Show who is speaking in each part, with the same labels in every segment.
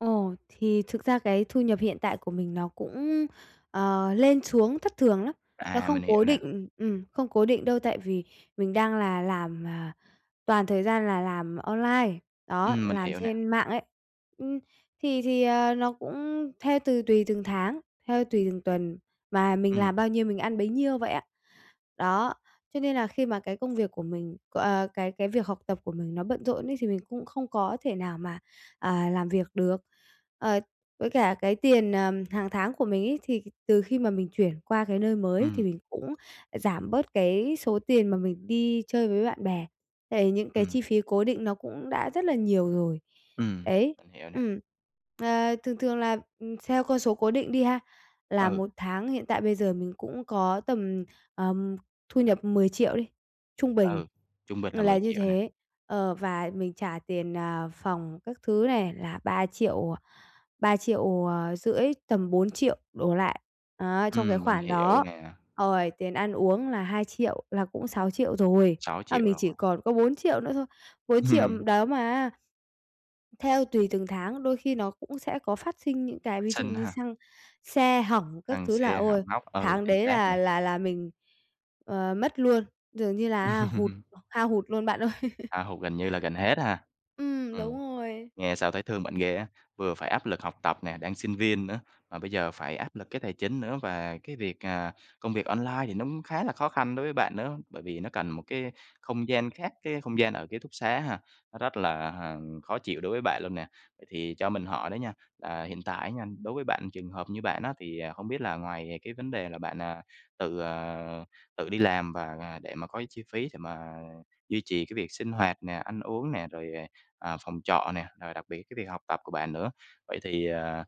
Speaker 1: Ồ, thì thực ra cái thu nhập hiện tại của mình nó cũng, ờ, lên xuống thất thường lắm. Nó
Speaker 2: À,
Speaker 1: không
Speaker 2: mình hiểu
Speaker 1: cố
Speaker 2: nè.
Speaker 1: định ừm, không cố định đâu, tại vì mình đang là làm, à, toàn thời gian là làm online, đó,
Speaker 2: Ừm, mình
Speaker 1: làm
Speaker 2: hiểu nè.
Speaker 1: trên mạng ấy. Ừm. Thì thì, ờ, nó cũng theo từ tùy từng tháng, theo tùy từng tuần mà mình
Speaker 2: Ừm.
Speaker 1: làm bao nhiêu mình ăn bấy nhiêu vậy à. Đó, cho nên là khi mà cái công việc của mình, ờ cái cái việc học tập của mình nó bận rộn ấy, thì mình cũng không có thể nào mà, à, làm việc được. Ờ, với cả cái tiền, ờ, hằng tháng của mình ấy, thì từ khi mà mình chuyển qua cái nơi mới thì
Speaker 2: Ừm.
Speaker 1: mình cũng giảm bớt cái số tiền mà mình đi chơi với bạn bè. Tại những cái
Speaker 2: Ừm.
Speaker 1: chi phí cố định nó cũng đã rất là nhiều rồi.
Speaker 2: Ừm,
Speaker 1: Đấy.
Speaker 2: mình hiểu nè.
Speaker 1: Ừm. Ờ, thường thường là, ừm, theo con số cố định đi ha, là
Speaker 2: Ừ.
Speaker 1: một tháng hiện tại bây giờ mình cũng có tầm, ờm, thu nhập 10.000.000 đi, trung bình
Speaker 2: Ừ, trung bình là mười
Speaker 1: là như
Speaker 2: triệu nè.
Speaker 1: thế. Ờ, và mình trả tiền, ờ, phòng các thứ này là 3.000.000, à, 3.500.000, tầm 4.000.000 đổ lại, á, trong cái
Speaker 2: Ừm, mình
Speaker 1: khoản
Speaker 2: hiểu
Speaker 1: đó.
Speaker 2: nè.
Speaker 1: Rồi tiền ăn uống là 2.000.000 là cũng 6.000.000 rồi.
Speaker 2: sáu
Speaker 1: À,
Speaker 2: triệu
Speaker 1: mình
Speaker 2: rồi.
Speaker 1: chỉ còn có 4.000.000 nữa thôi. 4.000.000
Speaker 2: Hừm.
Speaker 1: đó mà á theo tùy từng tháng, đôi khi nó cũng sẽ có phát sinh những cái
Speaker 2: Phát
Speaker 1: ví dụ
Speaker 2: sinh
Speaker 1: như
Speaker 2: hả?
Speaker 1: xăng, xe hỏng các
Speaker 2: Xăng
Speaker 1: thứ là
Speaker 2: xe hỏng
Speaker 1: ôi
Speaker 2: hóc, ừ,
Speaker 1: tháng
Speaker 2: chính
Speaker 1: đấy
Speaker 2: xác
Speaker 1: là
Speaker 2: nè.
Speaker 1: là là mình, ờ, mất luôn, dường như là á hụt, hao hụt luôn bạn ơi!
Speaker 2: Hao hụt gần như là gần hết ha.
Speaker 1: Ừm, đúng
Speaker 2: Ừm.
Speaker 1: rồi.
Speaker 2: Nghe sao thấy thương bạn ghê á, vừa phải áp lực học tập nè, đang sinh viên nữa, mà bây giờ phải áp lực cái tài chính nữa. Và cái việc, à công việc online thì nó cũng khá là khó khăn đối với bạn nữa, bởi vì nó cần một cái không gian khác, cái không gian ở ký túc xá ha, nó rất là, ờ, khó chịu đối với bạn luôn nè. Ờ, thì cho mình hỏi đó nha, là hiện tại á nha, đối với bạn, trường hợp như bạn á, thì, à, hổng biết là ngoài cái vấn đề là bạn, à, tự, ờ, tự đi làm và để mà có chi phí để mà duy trì cái việc sinh hoạt nè, ăn uống nè, rồi, ờ, à, phòng trọ nè, rồi đặc biệt cái việc học tập của bạn nữa. Vậy thì, à,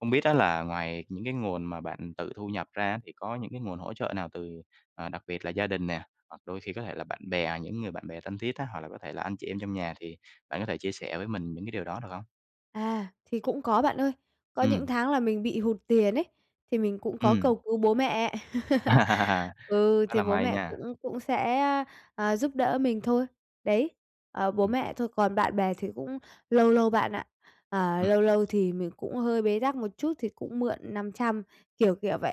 Speaker 2: hông biết á, là ngoài những cái nguồn mà bạn tự thu nhập ra thì có những cái nguồn hỗ trợ nào từ, à, đặc biệt là gia đình nè, hoặc đôi khi có thể là bạn bè, những người bạn bè thân thiết á, hoặc là có thể là anh chị em trong nhà thì bạn có thể chia sẻ với mình những cái điều đó được hông?
Speaker 1: À, thì cũng có bạn ơi. Có những
Speaker 2: Ừm.
Speaker 1: tháng là mình bị hụt tiền ấy, thì mình cũng có
Speaker 2: Ừm.
Speaker 1: cầu cứu bố mẹ. Ừ,
Speaker 2: Khá
Speaker 1: thì
Speaker 2: là
Speaker 1: bố
Speaker 2: may
Speaker 1: mẹ
Speaker 2: nha.
Speaker 1: cũng cũng sẽ, a, à, giúp đỡ mình thôi. Đấy. Ờ, bố
Speaker 2: Ừm.
Speaker 1: mẹ thôi, còn bạn bè thì cũng lâu lâu bạn ạ. Ờ,
Speaker 2: Ừm.
Speaker 1: lâu lâu thì mình cũng hơi bế tắc một chút thì cũng mượn 500, kiểu, kiểu vậy.